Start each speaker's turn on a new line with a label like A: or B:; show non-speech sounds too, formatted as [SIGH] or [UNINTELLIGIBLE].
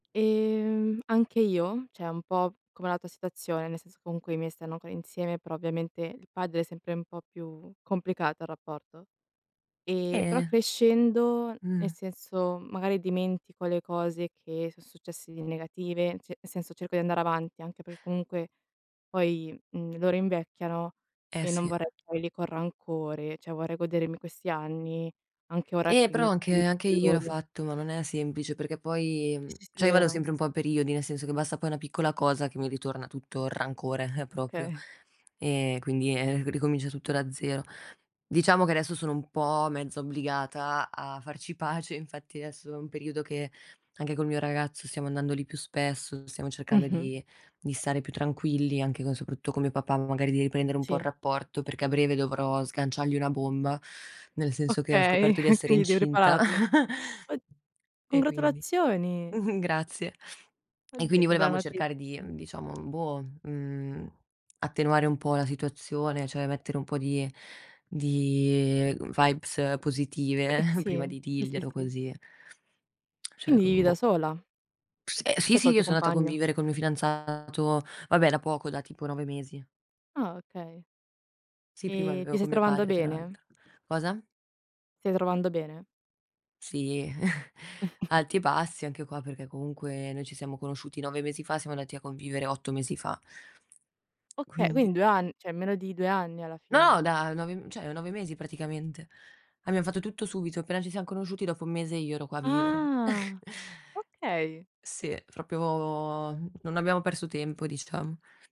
A: Ehm, anche io, cioè un po' come la tua situazione, nel senso comunque i miei stanno ancora insieme, però ovviamente il padre è sempre un po' più complicato il rapporto. Ehm, però
B: Bene.
A: crescendo,
B: Mh.
A: nel senso, magari dimentico le cose che so' successe di negative, cioè nel senso cerco di andare avanti, anche per comunque poi, mhmm, loro invecchiano
B: Eh
A: e non
B: sì.
A: vorrei stare lì con rancore, cioè vorrei godermi questi anni anche ora
B: Eh, però
A: che
B: anche anche
A: [UNINTELLIGIBLE]
B: io l'ho
A: loro.
B: fatto, ma non è semplice, perché poi
A: Sì,
B: mhmm,
A: sì, sì,
B: cioè io vado
A: vero.
B: sempre un po' a periodi, nel senso che basta poi una piccola cosa che mi ritorna tutto il rancore [CHUCKLES] proprio;
A: Okay.
B: e quindi, ehm, ricomincia tutto da zero. Diciamo che adesso sono un po' mezza obbligata a farci pace, infatti esso è un periodo che, anche col mio ragazzo stiamo andando lì più spesso, stiamo cercando
A: Mh-mh.
B: di di stare più tranquilli, anche co soprattu con mio papà, magari di riprendere un po' il
A: Sì.
B: rapporto, perché a breve dovrò sganciargli una bomba, nel senso che ho
A: Okay,
B: scoperto di
A: e
B: essere
A: quindi devi
B: incinta.
A: ripararlo. O
B: [CHUCKLES] E quindi
A: congratulazioni!
B: [CHUCKLES] Grazie. E
A: Oddio,
B: quindi
A: che bella
B: volevamo
A: noti
B: cercare di, uhm, diciamo, boh, mhmm, attenuare un po' la situazione, cioè mettere un po' di di, ehm, vibes
A: E
B: positive
A: eh, sì.
B: prima di
A: Sì, sì,
B: dirglielo,
A: sì.
B: così. Cioè
A: Indi vivi
B: con
A: da
B: boh.
A: sola?
B: S ehm, sì
A: Cioè
B: sì,
A: col
B: io
A: tuo
B: so' andata a
A: compagno.
B: convivere col mio fidanzato, vabbè da poco, da tipo 9 mesi.
A: Ah, okay.
B: Sì, prima
A: Ehm, ti
B: vivevo
A: stai
B: con mio
A: trovando
B: padre tra
A: bene?
B: l'altro. Cosa?
A: Stai trovando bene?
B: Sì. [CHUCKLES]
A: [COUGHS]
B: Alti e bassi anche qua, perché comunque noi ci siamo conosciuti 9 mesi fa, siamo andati a convivere 8 mesi fa.
A: Oka
B: Quindi
A: quin 2 an cioè meno di 2 anni, alla
B: No!
A: fine?
B: Da, 9 m cioè 9 mesi praticamente. Abbiam fatto tutto subito, appena ci siam conosciuti dopo 1 mese io ero qua a vivere. [CHUCKLES]
A: Ah! Okay.
B: Sì, proprio n non abbiamo perso tempo diciam.